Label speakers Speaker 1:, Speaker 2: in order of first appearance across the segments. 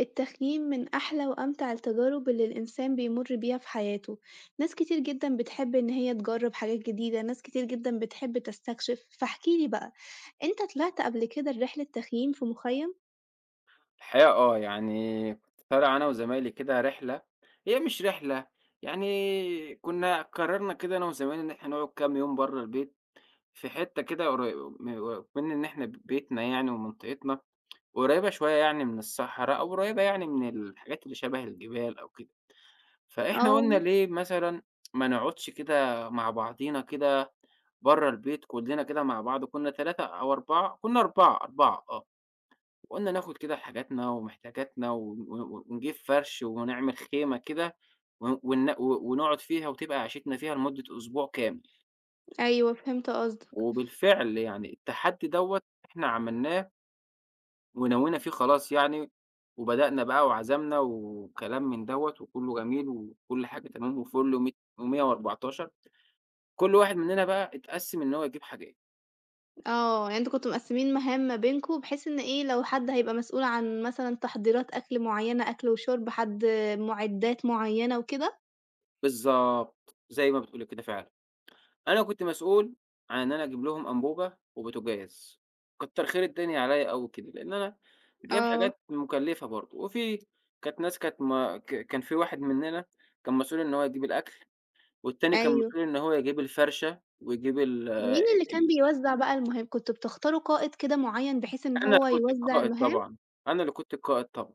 Speaker 1: التخييم من أحلى وأمتع التجارب اللي الإنسان بيمُر بيها في حياته، ناس كتير جدًا بتحب إن هي تجرب حاجات جديدة، ناس كتير جدًا بتحب تستكشف، فاحكِ لي بقى أنت طلعت قبل كده رحلة تخييم في مخيم؟
Speaker 2: الحقيقة آه، يعني كنت طالع أنا وزمايلي كده رحلة هي مش رحلة، يعني كنا قررنا كده أنا وزمايلي إن إحنا نقعُد كام يوم برّه البيت، في حتة كده قريبه م أكمن إن إحنا بيتنا يعني ومنطقتنا قريبة شوية يعني من الصحرا أو قريبة يعني من الحاجات اللي شبه الجبال أو كده، فإحنا قُلنا
Speaker 1: آه.
Speaker 2: ليه مثلًا ما نقعدش كده مع بعضينا كده برّه البيت كُلّنا كده مع بعض، كنا أو 4 كُنا 4، 4 آه، وقلنا ناخد كده حاجاتنا ومحتاجاتنا و و ونجيب فرش وهنعمل خيمة كده، و وإن و ونقعد فيها وتبقى عِيشتنا فيها لمدة أسبوع كامل؟
Speaker 1: أيوه، فهمت قصدك.
Speaker 2: وبالفعل يعني التحدي دوّة إحنا عملناه. ونوّينا فيه خلاص يعني، وبدأنا بقى وعزمنا وكلام من دوّة، وكلّه جميل وكل حاجة تمام وفُل مي مِيّة وأربعتاشر، كل واحد مننا بقى أتقسِّم إن هو يجيب حاجات.
Speaker 1: آه، يعني أنتم كنتم مقسّمين مهام ما بينكم، بحيث إن إيه لو حد هيبقى مسؤول عن مثلًا تحضيرات أكل معيّنة، أكل، وشرب، حد مُعدات معيّنة وكده؟
Speaker 2: بالضبط، زَي ما بتقولي كده فعلًا، أنا كنت مسؤول عن أنا أجيب لهم أنبوبة، وبوتاجاز، كَتر خير الدنيا عليّا أوي كده، لأن أنا جايب
Speaker 1: آه.
Speaker 2: حاجات مُكلفة برضه، وفي كانت ناس كانت ما ك كان في واحد مننا كان مسؤول إن هو يجيب الأكل، والتاني كان
Speaker 1: أيوه.
Speaker 2: مسؤول إن هو يجيب الفَرشَة، ويجيب ال أ
Speaker 1: مين اللي كان
Speaker 2: ال
Speaker 1: بيوزّع بقى المهم كنتم بتختاروا قائد كده معيّن بحيث إن
Speaker 2: أنا
Speaker 1: هو
Speaker 2: كنت
Speaker 1: يوزّع
Speaker 2: القائد
Speaker 1: المهام؟
Speaker 2: طبعًا، أنا اللي كنت القائد طبعًا،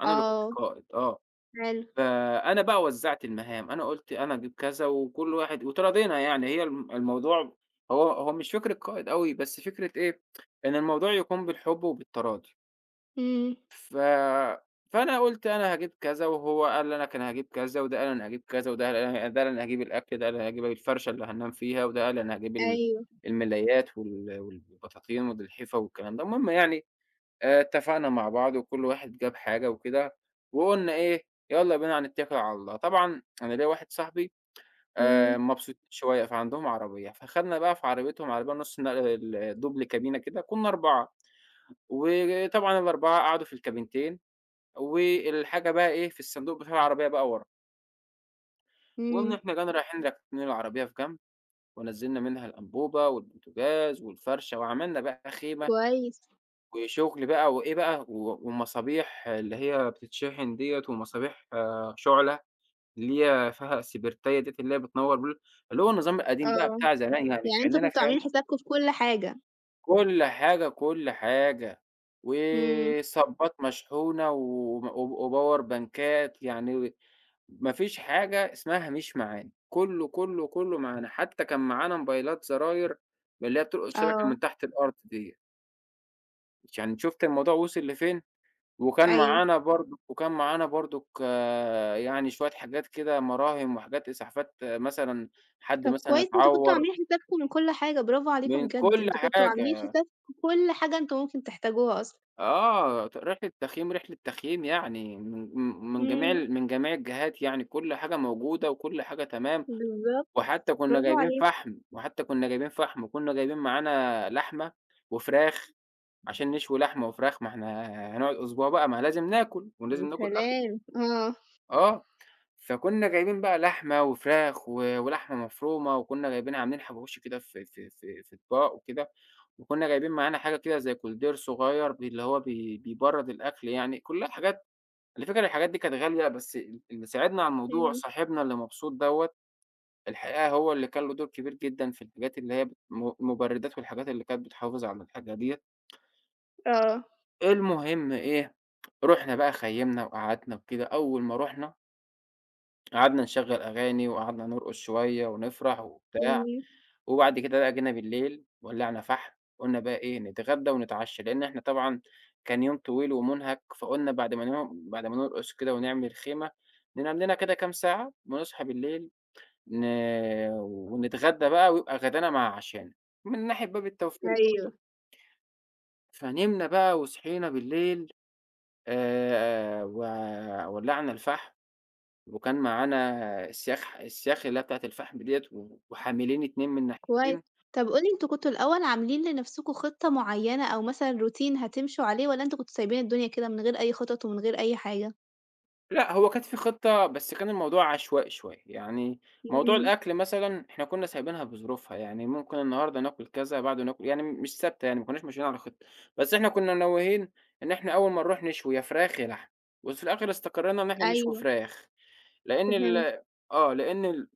Speaker 2: أنا اللي كنت
Speaker 1: آه،
Speaker 2: القائد. آه،
Speaker 1: حلو.
Speaker 2: فأنا بقى وزّعت المهام، أنا قُلت: "أنا أجيب كذا، وكلّ واحد" واتراضينا يعني، هي ال الموضوع هو هو مش فكرة قائد أوي، بس فكرة إيه إن الموضوع يكون بالحب، وبالتراضي.
Speaker 1: إمم.
Speaker 2: ف فأنا قُلت: "أنا هاجيب كذا."، وهو قال لك: "أنا هاجيب كذا."، وده قال: "أنا هاجيب كذا."، وده قال: "أنا ه" وده قال: "أنا هاجيب الأكل."، ده قال: "أنا هاجيب الفَرشَة اللي هاننام فيها."، وده قال: "أنا هاجيب ال
Speaker 1: أيوه.
Speaker 2: الملايات، وال والبطاطين، والالحفة والكلام ده.". المهم يعني آآ، اتفقنا مع بعض، وكلّ واحد جاب حاجة وكده، وقُلنا إيه: "يالّا بينا هنتكل على الله.". طبعًا أنا ليّا واحد صاحبي
Speaker 1: إمم.
Speaker 2: آآ، مبسوطين شوية، فعندهم عربية فخدنا بقى في عربيتهم، عربية نُص نقل ال الدُبل كابينة كده، كنّا 4 وطبعًا ال4 قعدوا في الكابينتين، والحاجة بقى إيه، في الصندوق بتاع العربية بقى ورا. وقمنا
Speaker 1: إمم.
Speaker 2: إحنا جينا رايحين راكنين العربية في جنب، ونزّلنا منها الأنبوبة والبوتجاز والفرشة وعملنا بقى خيمة،
Speaker 1: كويس.
Speaker 2: وشغل بقي وإيه بقى و ومصابيح اللي هي بتتشحن ديَّة ومصابيح شُعلة، اللي هي فيها السبرتاية ديّة اللي هي بتنور ب اللي هو النظام القديم ده
Speaker 1: آه،
Speaker 2: بتاع زمان يعني
Speaker 1: يعني أنتم
Speaker 2: كأننا
Speaker 1: كنتم
Speaker 2: فعلًا
Speaker 1: عاملين حسابكم في كل حاجة؟
Speaker 2: كُل حاجة، كُل حاجة،
Speaker 1: إمم.
Speaker 2: وصَبَّات مشحونة وم و وباور بانكات يعني، ما فيش حاجة اسمها مش معانا، كله، كله، كله، معانا حتى كان معانا موبايلات زراير من اللي هي بتلقط شبكة من
Speaker 1: آه.
Speaker 2: تحت الأرض ديّة. عشان شُفتِ الموضوع وصل لفين؟ وكان
Speaker 1: أيوه.
Speaker 2: معانا برضه وكان معانا برضك يعني شوية حاجات كده مراهم وحاجات إسعافات مثلًا حد
Speaker 1: طَب
Speaker 2: مثلًا
Speaker 1: كويس أنتم كنتم
Speaker 2: اتعوّر.
Speaker 1: عاملين حسابكم من كل حاجة، برافو
Speaker 2: من
Speaker 1: عليكم بجد،
Speaker 2: كل
Speaker 1: أنتم كنتم عاملين
Speaker 2: حاجة.
Speaker 1: حسابكم كل حاجة أنتم ممكن تحتاجوها أصلًا.
Speaker 2: آه، ت رحلة تخييم، رحلة تخييم يعني، من م من جميع ال
Speaker 1: إمم.
Speaker 2: من جميع الجهات يعني كل حاجة موجودة وكل حاجة تمام،
Speaker 1: بالضبط
Speaker 2: وحتى كنا
Speaker 1: برافو
Speaker 2: جايبين
Speaker 1: عليكم.
Speaker 2: فحم، وحتى كنا جايبين فحم وكنا جايبين معانا لحمة وفراخ عشان نشوي لحمة وفراخ، ما إحنا هنقعد أسبوع بقي ما لازم ناكل ولازم
Speaker 1: يا
Speaker 2: ناكل أكل
Speaker 1: سلام، آه.
Speaker 2: آه، فكنا جايبين بقى لحمة وفراخ و ولحمة مفرومة وكنا جايبين عاملين حواوشي كده في في في في أطباق وكده، وكنا جايبين معانا حاجة كده زي كولدير صغير بي اللي هو بي بيبرد الأكل يعني، كلّها حاجات على الفكرة الحاجات دي كانت غالية بس ال اللي ساعدنا على الموضوع
Speaker 1: إمم.
Speaker 2: صاحبنا اللي مبسوط دوّة، الحقيقة هو اللي كان له دور كبير جدًا في الحاجات اللي هي م مبردات والحاجات اللي كانت بتحافظ على الحاجه ديّة.
Speaker 1: آه.
Speaker 2: المهم إيه؟ رُحنا بقى خيّمنا وقعدنا وكده أول ما رُحنا قعدنا نشغّل أغاني وقعدنا نرقُص شوية ونفرح وبتاع،
Speaker 1: إمم.
Speaker 2: وبعد كده بقى جينا بالليل ولّعنا فحم، قُلنا بقى إيه نتغدّى ونتعشّى، لإن إحنا طبعًا كان يوم طويل ومُنهَك، فقُلنا بعد ما ن بعد ما نرقُص كده ونعمل خيمة، ننام لنا كده كام ساعة ونصحى بالليل ن ونتغدّى بقى ويبقى غدانا مع عشانا، من ناحية باب التوفير
Speaker 1: أيوه.
Speaker 2: برضه. فنمنا بقى وصحينا بالليل، آآ و ولّعنا الفحم وكان معانا اسياخ ح اسياخ اللي هي بتاعة الفحم ديّة و وحاملين 2 من
Speaker 1: كويس.
Speaker 2: الناحيتين.
Speaker 1: طَب قُل لي أنتم كنتم الأول عاملين لنَفْسكم خطة معيّنة أو مثلًا روتين هتمشوا عليه، والّا أنتم كنتم سايبين الدنيا كده من غير أي خطط ومن غير أي حاجة؟
Speaker 2: لأ، هو كانت في خطة، بس كان الموضوع عشوائي شوية، يعني موضوع
Speaker 1: إمم.
Speaker 2: الأكل مثلًا إحنا كُنّا سايبينها بظروفها، يعني ممكن النهارده ناكُل كذا، بعده ناكُل يعني مش ثابتة يعني، ما كُنّاش ماشيين على خطة، بس إحنا كُنّا ناويين إن إحنا أول ما نروح نشوي يا فراخ يا لحمة وفي الآخِر استقرّينا إن إحنا نشوي
Speaker 1: أيوه.
Speaker 2: فراخ، لإن ال
Speaker 1: فهمت.
Speaker 2: آه، لإن ال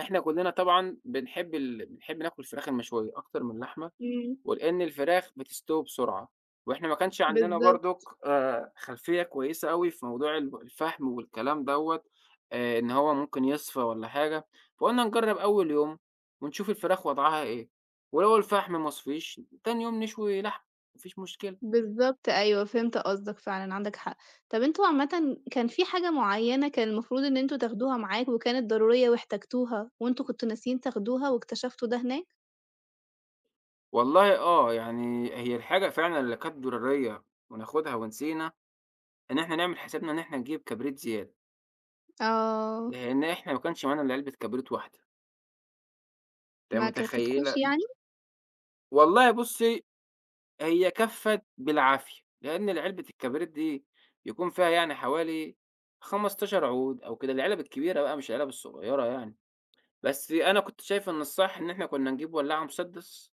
Speaker 2: إحنا كلّنا طبعًا بنحب ال بنحب ناكُل الفراخ المشوية أكتر من اللحمة،
Speaker 1: إمم.
Speaker 2: ولإن الفراخ بتستوي بسرعة، وإحنا ما كانش عندنا برضُك
Speaker 1: بالضبط.
Speaker 2: آآ خلفية كويسة أوي في موضوع ال الفحم والكلام دوّة آآ إن هو ممكن يِصفى والّا حاجة، فقُلنا نجرّب أول يوم ونشوف الفراخ وضعها إيه، ولو الفحم ما صفيش تاني يوم نشوي لحمة ما فيش مشكلة.
Speaker 1: بالضبط أيوه، فهمت قصدك، فعلًا عندك حق. طَب أنتم عامةً كان في حاجة معيّنة كان المفروض إن أنتم تاخدها معاكم وكانت ضرورية واحتاجتوها، وأنتم كنتم ناسيين تاخدوها واكتشفتوا ده هناك؟
Speaker 2: والله آه، يعني هي الحاجة فعلًا اللي كانت ضرورية وناخدها ونسينا، إن إحنا نعمل حسابنا إن إحنا نجيب كبريت زيادة.
Speaker 1: آه.
Speaker 2: لأن إحنا ما كنش معانا إلا علبة كبريت واحدة. ت
Speaker 1: ما
Speaker 2: متخيلة
Speaker 1: كفتكوش يعني؟
Speaker 2: والله بُصي هي كفّت بالعافية، لأن العلبة الكبريت دي بيكون فيها يعني حوالي 15 عود أو كده العلب الكبيرة بقى مش العلب الصغيرة يعني، بس أنا كنت شايف إن الصح إن إحنا كنا نجيب ولاعة مسدس،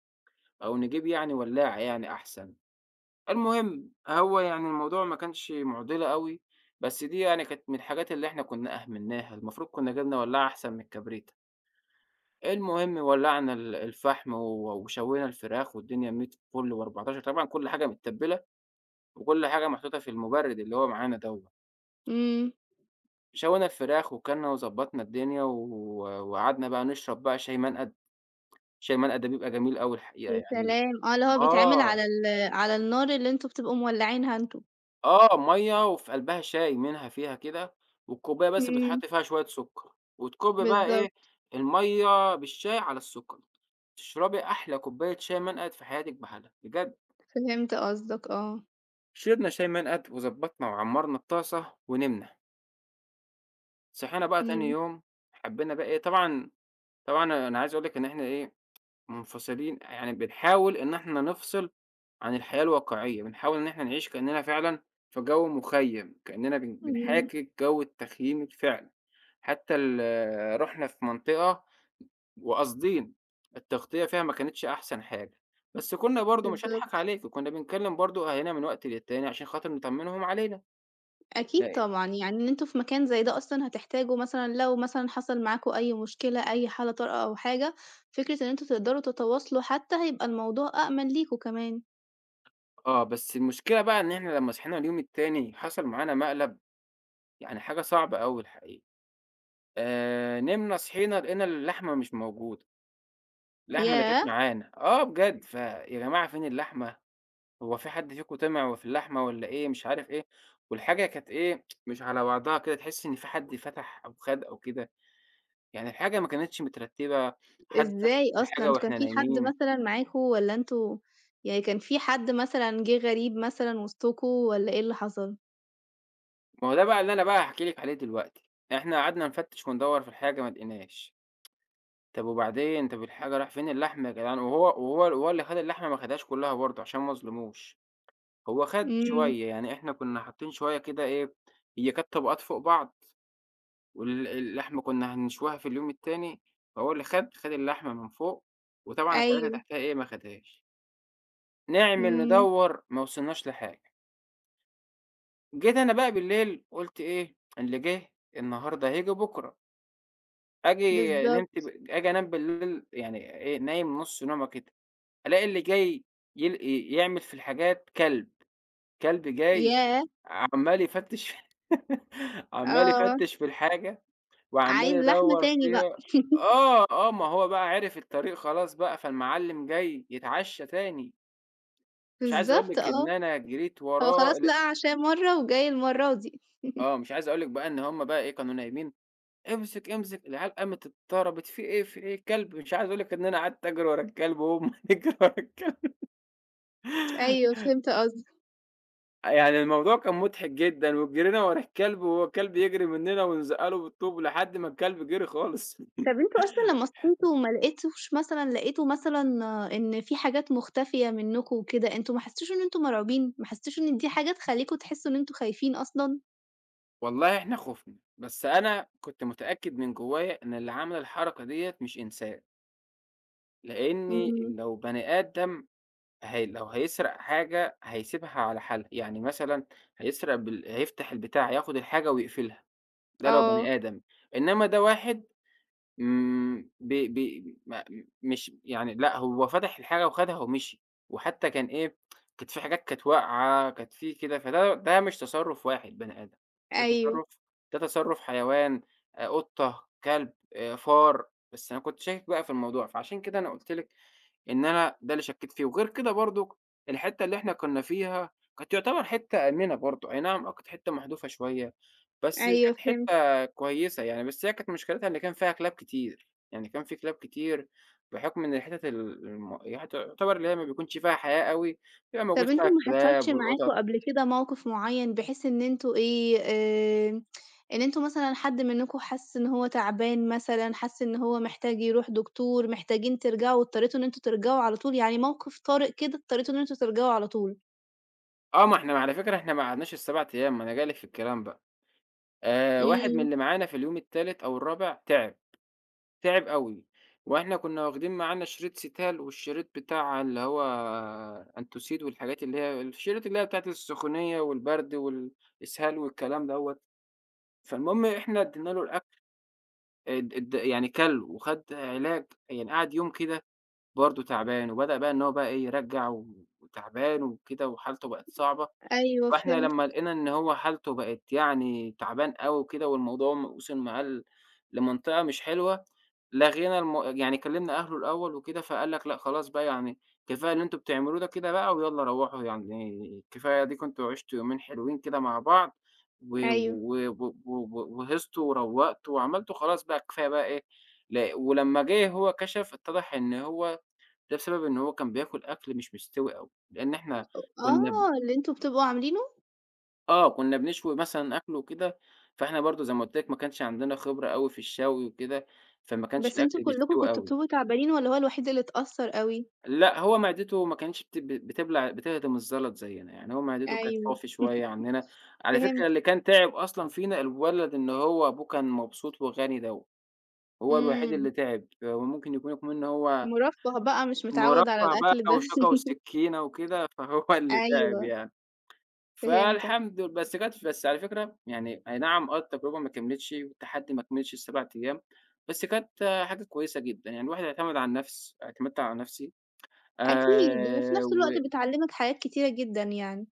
Speaker 2: أو نجيب يعني ولاعة يعني أحسن، المهم هو يعني الموضوع ما كانش مُعضلة أوي بس دي يعني كانت من الحاجات اللي إحنا كنا أهملناها المفروض كنا جِبنا ولاعة أحسن من الكبريت. المهم ولّعنا ال الفحم و وشوينا الفراخ والدنيا 100 فُلّ و14 طبعًا كل حاجة متبلة وكل حاجة محطوطة في المُبرِّد اللي هو معانا دوّة.
Speaker 1: إمم.
Speaker 2: شوينا الفراخ وكلنا وضبّطنا الدنيا و وقعدنا بقى نشرب شاي منقَد، شاي منقد ده بيبقى جميل أوي الحقيقة
Speaker 1: يا
Speaker 2: يعني
Speaker 1: سلام! آه اللي هو بيتعمل
Speaker 2: آه.
Speaker 1: على ال على النار اللي أنتم بتبقوا مولعينها أنتم.
Speaker 2: آه، مَيَّة وفي قلْبها شاي منها فيها كده. والكوباية بس
Speaker 1: إمم.
Speaker 2: بيتحط فيها شوية سكّر، وتكُب بقى إيه
Speaker 1: بالضبط.
Speaker 2: المَيَّة بالشاي على السكّر. تشربي أحلى كوباية شاي منقد في حياتِك بحالها بجد.
Speaker 1: فهمت قصدك آه.
Speaker 2: شربنا شاي منقد وضبّطنا وعمّرنا الطاسة ونمنا. صحينا بقى تاني
Speaker 1: امم.
Speaker 2: يوم، حبّينا بقى إيه طبعًا طبعًا أنا عايز أقول لِك إن إحنا إيه مُنفصلين يعني بنحاول إن إحنا نفصِل عن الحياة الواقعية، بنحاول إن إحنا نعيش كأننا فعلًا في جو مخيَّم كأننا بن
Speaker 1: إمم.
Speaker 2: بنحاكي جو التخييم الفعلي. حتى ال رُحنا في منطقة، وقاصدين، التغطية فيها ما كانتش أحسن حاجة. بس كنا برضو مش هاضحك
Speaker 1: بالضبط.
Speaker 2: عليكِ، كنّا بنكلم برضو أهالينا من وقت للتاني عشان خاطر نطمنهم علينا.
Speaker 1: أكيد
Speaker 2: [unintelligible]
Speaker 1: طبعًا يعني إن أنتم في مكان زي ده أصلًا هتحتاجوا مثلًا لو مثلًا حصل معاكم أي مشكلة أي حالة طارئة أو حاجة، فكرة إن أنتم تقدروا تتواصلوا حتّى هيبقى الموضوع أأمن ليكم كمان.
Speaker 2: آه بس المشكلة بقى إن إحنا لمّا صحينا اليوم التاني حصل معانا مقلب، يعني حاجة صعبة أوي الحقيقة. آآ، نمنا صحيّنا لقينا اللحمة مش موجودة. اللحمة اللي كانت
Speaker 1: ياه!
Speaker 2: معانا، آه بجد، "فيا جماعة فين اللحمة، هو فيه حد فيكم طِمِع في اللحمة والّا إيه؟" مش عارف إيه، والحاجة كانت إيه، مش على بعضها كده، تحسّي إن في حد فتح أو خَد أو كده، يعني الحاجة ما كانتش مترتِّبة، حَد فتح
Speaker 1: إزاي أصلًا؟
Speaker 2: الحاجة
Speaker 1: أنتم كان
Speaker 2: وإحنا
Speaker 1: في حد
Speaker 2: نايمين.
Speaker 1: مثلًا معاكم، والّا أنتم يعني كان في حد مثلًا جِه غريب مثلًا وِسطكم والّا إيه اللي حصل؟
Speaker 2: ما هو ده بقى اللي أنا بقى هاحكي لِك عليه دلوقتي. إحنا قعدنا نفتِّش وندوّر في الحاجة ما لقيناش، طَب وبعدين، طَب الحاجة راح "فين اللحمة يا جدعان؟" وهو وهو وهو اللي خَد اللحمة ما خدهاش كُلّها برضه عشان ما أظلموش، هو خَد
Speaker 1: إمم.
Speaker 2: شوية، يعني إحنا كُنّا حاطّين شوية كده إيه، هي كانت طبقات فوق بعض وال اللحمة كُنّا هنشويها في اليوم التاني، فهو اللي خَد، خَد اللحمة من فوق وطبعًا الحاجات اللي
Speaker 1: أيوه.
Speaker 2: تحتيها إيه، ما آخُدهاش. نعمل،
Speaker 1: إمم.
Speaker 2: ندوّر، ما وصلناش لحاجة. جيت أنا بقى بالليل قُلت إيه، اللي جِه النهارده هييجي بُكره. آجي
Speaker 1: بالضبط.
Speaker 2: نمت ب آجي أنام بالليل يعني إيه، نايم نُص نومة كده، ألاقى اللي جاي يل ي يعمل في الحاجات كلب، كلب جاي
Speaker 1: ياه!
Speaker 2: عَمّال يفتِّش عَمّال
Speaker 1: آه.
Speaker 2: يفتِّش في الحاجة وعَمّال
Speaker 1: عايز لحمة
Speaker 2: يدوّر
Speaker 1: تاني بقى.
Speaker 2: فيها آه، آه، ما هو بقى عِرِف الطريق خلاص بقى، فالمعلِّم جاي يتعشّى تاني. مش عايز أقول
Speaker 1: بالضبط
Speaker 2: لِك إن
Speaker 1: آه.
Speaker 2: أنا جريت
Speaker 1: هو
Speaker 2: وراه
Speaker 1: خلاص
Speaker 2: ل
Speaker 1: لقى عشاه مرّة وجاي المرّة دي
Speaker 2: آه مش عايز أقول لِك بقى إن هُم بقى إيه كانوا نايمين، امسك، امسك العيال قامت اتضطرّبت في إيه، في إيه الكلب مش عايز أقول لِك إن أنا قعدت أجري ورا الكلب وهُم بيجروا ورا الكلب.
Speaker 1: أيوه فهمت قصدك.
Speaker 2: آه، يعني الموضوع كان مُضحك جدًا، وجرينا ورا الكلب، والكلب يجري مننا ونزقّله بالطوب، لحد ما الكلب جري خالص
Speaker 1: طَب أنتم أصلًا لمّا صحيتوا وما لقيتوش مثلًا لقيتوا مثلًا إن في حاجات مُختفية منكم وكده، أنتم ما حسيتوش إن أنتم مرعوبين، ما حسيتوش إن دي حاجة تخلّيكم تحسوا إن أنتم خايفين أصلًا؟
Speaker 2: والله إحنا خُفنا، بس أنا كنت متأكد من جوايا إن اللي عمل الحركة ديّة مش إنسان. لأني
Speaker 1: إمم.
Speaker 2: لو بني آدم ه لو هيسرق حاجة، هيسيبها على حالها يعني مثلًا هيسرق بال هييفتح البتاع، هياخد الحاجة ويقفلها. ده لو
Speaker 1: آه.
Speaker 2: بني آدم، إنما ده واحد إمم ب ب م مش يعني لأ، هو فتح الحاجة وخدها ومشي. وحتى كان إيه، كانت في حاجات كانت واقعة، كانت في كده، فده ده مش تصرف واحد بني آدم ده
Speaker 1: أيوه.
Speaker 2: تصرف ده تصرف حيوان، آآ قطة، كلب، آآ، فار. بس أنا كنت شاكك بقى في الموضوع، فعشان كده أنا قُلت لِك إن أنا ده اللي شكّيت في وغير كده برضه، الحتة اللي إحنا كنا فيها كانت يُعتبر حتة آمنة برضو، أي نعم آه كانت حتة محدوفة شويّة. بس
Speaker 1: أيوه
Speaker 2: كانت
Speaker 1: فهمت.
Speaker 2: حتة كويّسة يعني، بس هي كانت مشكلتها إن كان فيها كلاب كتير، يعني كان في كلاب كتير بُحكم إن الحتت ال الم ي تُعتبر اللي هي ما بيكونش فيها حياة أوي، بيبقى
Speaker 1: طَب
Speaker 2: موجود فيها
Speaker 1: أنتم ما حصلش
Speaker 2: الكلاب
Speaker 1: معاكم
Speaker 2: والقطط.
Speaker 1: قبل كده موقف معيّن بحيث إن أنتم إيه، آآ إن أنتم مثلًا حد منكم حَس إن هو تعبان مثلًا، حَس إن هو محتاج يروح دكتور، محتاجين ترجعوا واضطريتوا إن أنتم ترجعوا على طول، يعني موقف طارئ كده اضطريتوا إن أنتم ترجعوا على طول؟
Speaker 2: آه، ما إحنا على فكرة، إحنا ما قعدناش ال7 أيام، ما أنا جاي لِك في الكلام بقى، آآ، واحد من
Speaker 1: إمم.
Speaker 2: اللي معانا في اليوم التالت أو الرابع تعِب، تعِب أوي، وإحنا كنّا وَاخدين معانا شريط Cetal، والشريط بتاع اللي هو Entocid، والحاجات اللي هي الشريط اللي هي بتاعة السخونية، والبرد، والإسهال، والكلام دوّة. فالمهم إحنا ادّينا له الأكل. أد أد يعني كَل، وخد علاج، يعني قعد يوم كده برضه تعبان، وبدأ بقى إن هو بقى إيه يرجّع، وتَعبان وكده، وحالته بقت صعبة،
Speaker 1: أيوه،
Speaker 2: فإحنا
Speaker 1: فهمتك.
Speaker 2: لمّا لقينا إن هو حالتُه بقت يعني تَعبان أوي كده، والموضوع م وصل معاه ل لمَنطقة مش حلوة، لَغينا المو يعني كَلّمنا أهله الأول وكده، فقال لك: "لأ، خلاص بقى، يعني كفاية اللي أنتم بتعملوه ده كده بقى، ويالّا روّحوا، يعني كفاية أديكم أنتم عشتم يومين حلوين كده مع بعض، و
Speaker 1: أيوه.
Speaker 2: و و و و وهيصتوا، وروّقتوا، وعملتوا خلاص بقى كفاية بقى، إيه" ل ولمّا جه هو كشَف، اتضح إن هو ده بسبب إن هو كان بياكل أكل مش مستوي أوي، لأن إحنا كنا ب
Speaker 1: آه، اللي أنتم بتبقوا عاملينه؟
Speaker 2: آه، كنا بنشوي مثلًا أكل وكده، فإحنا برضه زي ما قُلت لِك ما كانش عندنا خبرة أوي في الشوي وكده، فما كانش
Speaker 1: بس أنتم
Speaker 2: الأكل
Speaker 1: كُلّكم
Speaker 2: بيستوي
Speaker 1: كنتم
Speaker 2: أوي.
Speaker 1: بتيجوا تعبانين والّا هو الوحيد اللي اتأثر أوي؟
Speaker 2: لأ هو معدته ما كانش بت بت بتبلع بتهضم الزلط زيّنا، يعني هو معدته كانت
Speaker 1: أيوه.
Speaker 2: فافي شوية عنّنا، على فكرة
Speaker 1: فهمت.
Speaker 2: اللي كان تعب أصلًا فينا الولد اللي هو أبوه كان مبسوط وغني دوّه. هو الوحيد
Speaker 1: إمم.
Speaker 2: اللي تعب، وممكن يكون اكمن هو
Speaker 1: مُرفَّه بقى مش متعود على
Speaker 2: مُرفَّه بقى
Speaker 1: الأكل ده.
Speaker 2: وشوكة وسكينة وكده، فهو اللي تعب
Speaker 1: أيوه.
Speaker 2: يعني.
Speaker 1: فهمتَك.
Speaker 2: فالحمد ل بس كانت بس على فكرة يعني أي نعم، آه التجربة ما كمّلتش، والتحدي ما كملش ال7 أيام، بس كانت حاجه كويسة جدًا، يعني الواحد يعتمد على النفس اعتمدت على نفسي.
Speaker 1: أكيد، وفي
Speaker 2: آآ،
Speaker 1: نفس
Speaker 2: و
Speaker 1: الوقت بتعلّمك حاجات كتيرة جدًا يعني.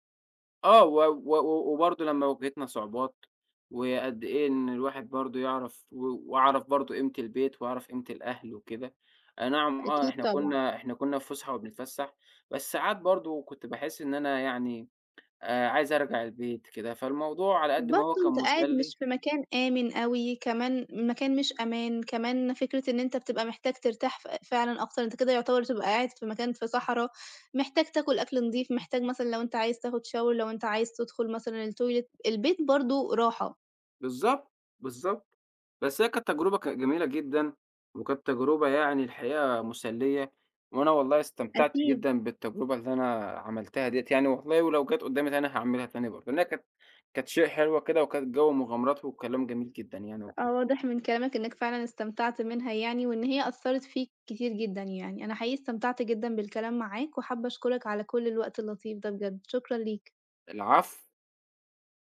Speaker 2: آه و و و وبرضه لمّا واجهتنا صعوبات، وقد إيه إن الواحد برضه يعرف و وعرف برضه قيمة البيت وعرف قيمة الأهل وكده. أي نعم آه
Speaker 1: أكيد
Speaker 2: إحنا
Speaker 1: طبعًا.
Speaker 2: كنا إحنا كنا في فسحه وبنتفسّح، بس ساعات برضه كنت باحس إن أنا يعني آآ عايز أرجع البيت كده، فالموضوع على قد ما هو
Speaker 1: برضو
Speaker 2: كان
Speaker 1: أنت قاعد
Speaker 2: مُسلّي
Speaker 1: مش في مكان آمن أوي، كمان مكان مش أمان، كمان فكرة إن أنت بتبقى محتاج ترتاح ف فعلًا أكتر، أنت كده يعتبر بتبقى قاعد في مكان في صحرا، محتاج تاكل أكل نضيف، محتاج مثلًا لو أنت عايز تاخد شاور لو أنت عايز تدخل مثلًا التويلت البيت برضه راحه.
Speaker 2: بالضبط. بالضبط. بس هي كانت تجربة ك جميلة جدًا. وكانت تجربة يعني الحقيقة مُسلّية. وأنا والله استمتعت
Speaker 1: أكيد.
Speaker 2: جدًا بالتجربة اللي أنا عملتها ديّة يعني والله ولو جات قدامِي تاني أنا هاعملها تاني برضه، لأنها كانت كانت شيء حلوة كده، وكانت جو مغامرات وكلام جميل جدًا يعني [unintelligible]
Speaker 1: آه واضح من كلامك إنك فعلًا استمتعت منها يعني، وإن هي أثرت فيك كتير جدًا يعني، أنا حقيقي استمتعت جدًا بالكلام معاك، وحابّة أشكرك على كل الوقت اللطيف ده بجد، شكرًا ليك.
Speaker 2: العفو.